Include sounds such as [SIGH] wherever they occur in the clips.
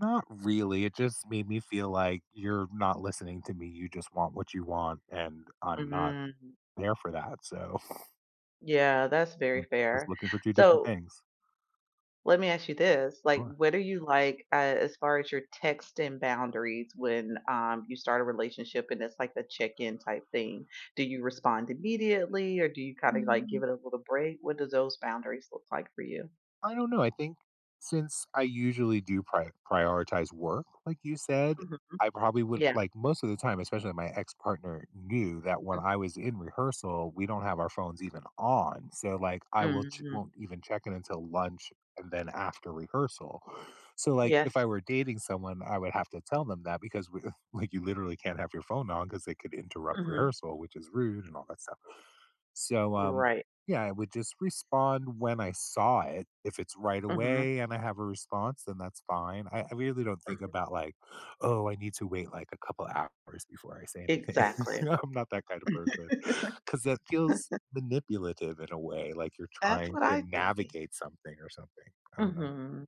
Not really, it just made me feel like, you're not listening to me. You just want what you want, and I'm not Mhm. there for that. So [CHUCKLES] Yeah, that's very we're just fair. looking for two different So things. let me ask you this. Go Like, ahead. what are you like, uh, as far as your texting boundaries when, um, you start a relationship and it's like the check in type thing? Do you respond immediately, or do you kinda, like, give Mm. it a little break? What does those boundaries look like for you? I don't know. I think since I usually do prio prioritize work, like you said, Mhm, I probably would yeah. like most of the time, especially my ex-partner knew that when Mhm. I was in rehearsal, we don't have our phones even on. So, like, I will ch Mhm. won't even check in until lunch, and then after rehearsal. So, like, if Yes. I were dating someone, I would have to tell them that because we like, you literally can't have your phone on 'cause they could interrupt Mhm. rehearsal which is rude and all that stuff. So, um, Right. yeah, I would just respond when I saw it. If it's right Mhm. away and I have a response, then that's fine. I I really don't think Mhm. about like, "Oh, I need to wait, like, a couple hours before I say anything." Exactly. [LAUGHS] I'm not that kind of person 'cause that feels [LAUGHS] manipulative in a way, like you're That's trying what to I think. navigate something or something. I don't know. Mhm.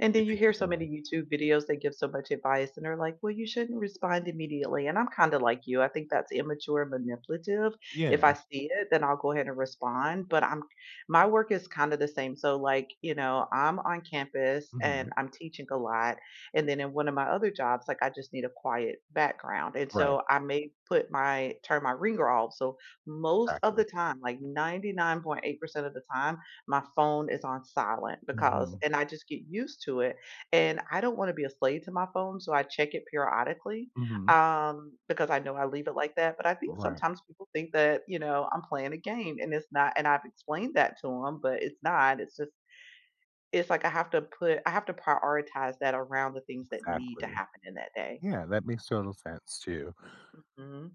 And You then you think hear the so same way? many YouTube videos, they give so much advice and they're like, "Well you shouldn't respond immediately." And I'm kinda like you, I think that's immature and manipulative. If I Yeah. see it, then I'll go ahead and respond, but I'm my work is kinda the same. So, like, you know, I'm on campus and Mhm. I'm teaching a lot, and then in one of my other jobs, like I just need a quiet background, and Right. so I may put my turn my ringer off. So, most of Exactly. the time, like 99.8% of the time, my phone is on silent because Mhm. and I just get used to it, and I don't wanna be a slave to my phone. So, I check it periodically, Mhm. um, because I know I leave it like that, but I think Right. sometimes people think that, you know, I'm playing a game and it's not and I've explained that to 'em, but it's not, it's just it's like I have to put I have to prioritize that around the things that need to Exactly. happen in that day. Yeah, that makes total sense too. Mhm.